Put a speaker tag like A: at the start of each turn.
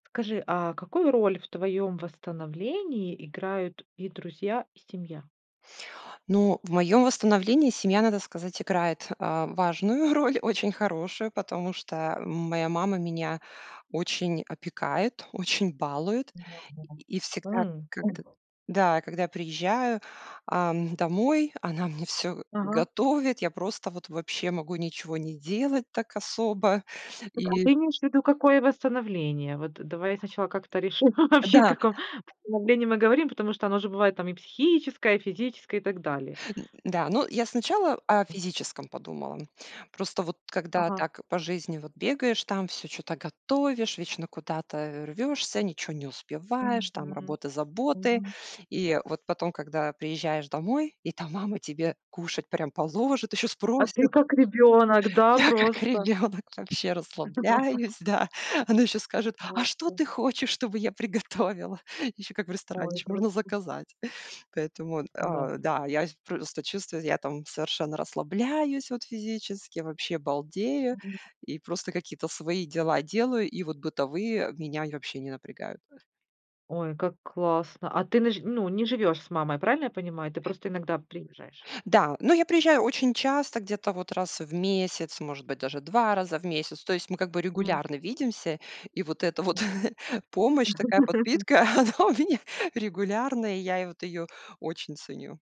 A: Скажи, а какую роль в твоем восстановлении играют и друзья, и семья?
B: Ну, в моем восстановлении семья, надо сказать, играет, а, важную роль, очень хорошую, потому что моя мама меня очень опекает, очень балует.
A: Мгм,
B: И и всегда,
A: м,
B: когд
A: мгм.
B: да, когда я приезжаю, ам, домой, она мне всё
A: Ага.
B: готовит. Я просто вот вообще могу ничего не делать так особо
A: Так, а
B: и
A: ты имеешь ввиду какое восстановление? Вот давай сначала как-то решим, вообще о
B: Да.
A: каком восстановлении мы говорим, потому что оно же бывает там и психическое, физическое, и так далее.
B: Н да, ну, я сначала о
A: М.
B: физическом подумала. Просто, вот, когда,
A: Ага.
B: так, по жизни, вот, бегаешь, там, всё чё-то готовишь, вечно куда-то рвёшься, ничё не успеваешь,
A: Мгм,
B: там, работа, заботы.
A: мгм.
B: И вот потом, когда приезжаешь домой, и там мама тебе кушать прям положит, ещё
A: А ты
B: спросит.
A: как ребёнок, да,
B: Я как
A: просто?
B: ребёнок вообще расслабляюсь, да. Она ещё скажет: "А что
A: Вместе.
B: ты хочешь, чтобы я приготовила?" Ещё как в ресторане,
A: Ой,
B: ещё
A: это
B: можно
A: вообще.
B: заказать. Поэтому, э,
A: Завтра.
B: да, я просто чувствую, я там совершенно расслабляюсь, вот, физически, вообще балдею,
A: Мгм.
B: и просто какие-то свои дела делаю. И вот бытовые меня я вообще не напрягают.
A: Ой, как классно. А ты не ж не живёшь с мамой, правильно я понимаю? Ты просто иногда приезжаешь.
B: Да, ну, я приезжаю очень часто, где-то, вот, раз в месяц, может быть, даже 2 раза в месяц. То есть мы как бы
A: М.
B: регулярно видимся, и вот эта вот помощь, такая подпитка, она у меня регулярная, и я вот её очень ценю.